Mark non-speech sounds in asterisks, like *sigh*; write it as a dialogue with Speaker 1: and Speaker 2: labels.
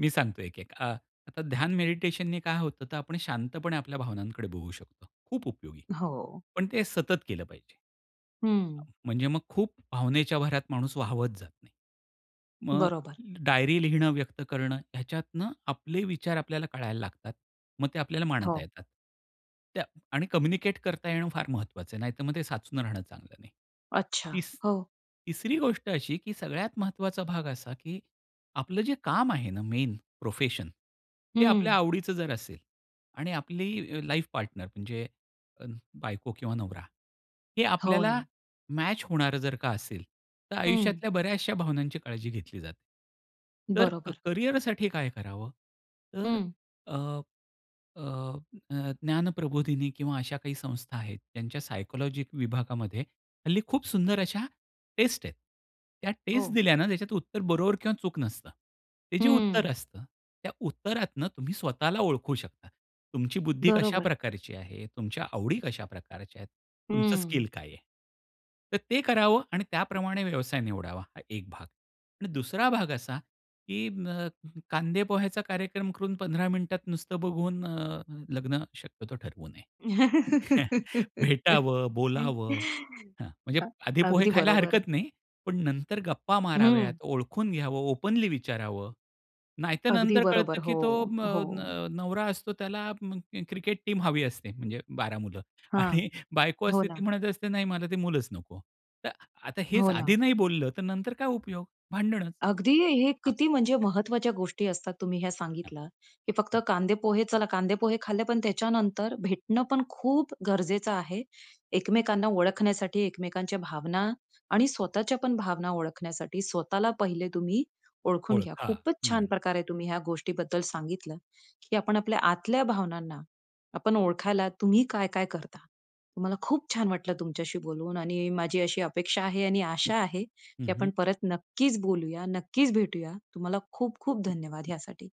Speaker 1: मी सांगतो एक, एक. अ, आता ध्यान, मेडिटेशन ने काय होतं, तर आपण शांतपणे आपल्या भावनांकडे बघू शकतो. खूप उपयोगी.
Speaker 2: अ, हो.
Speaker 1: पण ते सतत केलं पाहिजे. अ,
Speaker 2: हं.
Speaker 1: म्हणजे मग खूप भावनेच्या भरात माणूस वाहावत जात नाही. मग अ,
Speaker 2: बरोबर.
Speaker 1: डायरी लिहिणं, व्यक्त करणं ह्याच्यातनं आपले विचार आपल्याला कळायला लागतात. मग ते आपल्याला मांडता
Speaker 2: हो.
Speaker 1: येतात. त्या आणि कम्युनिकेट करता येणं, फार महत्वाचं आहे. नाहीतर मग साचून राहणं चांगलं नाही.
Speaker 2: अच्छा.
Speaker 1: तिस
Speaker 2: हो.
Speaker 1: तिसरी गोष्ट अशी, की सगळ्यात महत्वाचा भाग असा, की आपलं जे काम आहे ना मेन प्रोफेशन, ते
Speaker 2: हं.
Speaker 1: आपल्या आवडीचं जर असेल आणि आपली अ, लाईफ पार्टनर म्हणजे बायको किंवा नवरा हे
Speaker 2: हो
Speaker 1: आपल्याला
Speaker 2: ना.
Speaker 1: मॅच होणारं जर का असेल, तर
Speaker 2: हं.
Speaker 1: आयुष्यातल्या बऱ्याचशा भावनांची काळजी घेतली जाते. तर
Speaker 2: बरोबर.
Speaker 1: करियरसाठी काय करावं? तर
Speaker 2: हं.
Speaker 1: अ, अ, अ, ज्ञानप्रबोधिनी किंवा अशा काही संस्था आहेत ज्यांच्या सायकोलॉजी विभागामध्ये हल्ली खूप सुंदर अशा टेस्ट आहेत. त्या टेस्ट
Speaker 2: हो.
Speaker 1: दिल्यानं ज्याच्यात उत्तर बरोबर किंवा चूक नसतं. ते जे उत्तर
Speaker 2: हं.
Speaker 1: असतं त्या उत्तरातनं तुम्ही स्वतःला ओळखू शकता. तुमची बुद्धी कशा
Speaker 2: बरोबर.
Speaker 1: प्रकारची आहे, तुमच्या आवडी कशा प्रकारच्या आहेत? तुमचं
Speaker 2: हं.
Speaker 1: स्किल काय आहे? तर ते करावं आणि त्याप्रमाणे व्यवसाय निवडावा. हा एक भाग. आणि दुसरा भाग असा, की अ, कांदे पोह्याचा कार्यक्रम करून 15 मिनिटात नुसतं बघून अ, लग्न शक्यतो ठरवू नये. *chuckles*
Speaker 2: *laughs*
Speaker 1: भेटावं, बोलावं हां, म्हणजे
Speaker 2: हां,
Speaker 1: आधी पोहे
Speaker 2: अगदी
Speaker 1: खायला
Speaker 2: बरोबर.
Speaker 1: हरकत नाही. पण नंतर गप्पा
Speaker 2: हं.
Speaker 1: माराव्यात ओळखून घ्यावं. ओपनली विचारावं, नाहीतर
Speaker 2: अगदी
Speaker 1: नंतर
Speaker 2: बरोबर.
Speaker 1: कळतं, की तो
Speaker 2: हो,
Speaker 1: म
Speaker 2: हो.
Speaker 1: न नवरा असतो, त्याला क्रिकेट टीम हवी असते, म्हणजे 12 मुलं
Speaker 2: हां.
Speaker 1: आणि बायको
Speaker 2: हो
Speaker 1: असते,
Speaker 2: ना.
Speaker 1: ती म्हणत असते, "नाही मला ते मुलच नको." तर आता हेच
Speaker 2: हो ना.
Speaker 1: आधी नाही बोललं तर नंतर काय उपयोग, भांडणच
Speaker 2: अगदी, हे
Speaker 1: हां.
Speaker 2: किती म्हणजे
Speaker 1: *unintelligible*
Speaker 2: महत्वाच्या गोष्टी असतात तुम्ही ह्या
Speaker 1: हां.
Speaker 2: सांगितल्या, की फक्त
Speaker 1: हं.
Speaker 2: कांदे पोहे चला कांदे पोहे खाल्ले, पण त्याच्यानंतर भेटणं पण खूप गरजेचं आहे. एकमेकांना ओळखण्यासाठी एकमेकांच्या भावना आणि
Speaker 1: हो.
Speaker 2: स्वतःच्या पण भावना ओळखण्यासाठी. स्वतःला पहिले तुम्ही ओळखून घ्या.
Speaker 1: ओळखा.
Speaker 2: खूपच छान
Speaker 1: हं.
Speaker 2: प्रकारे तुम्ही ह्या गोष्टीबद्दल सांगितलं, की आपण आपल्या आतल्या भावनांना, आपण ओळखायला तुम्ही काय-काय करता? मला खूप छान वाटलं तुमच्याशी बोलून आणि माझी अशी अपेक्षा आहे आणि आशा आहे, की
Speaker 1: हं,
Speaker 2: आपण
Speaker 1: हं.
Speaker 2: परत नक्कीच बोलूया, नक्कीच भेटूया. तुम्हाला खूप खूप धन्यवाद ह्यासाठी.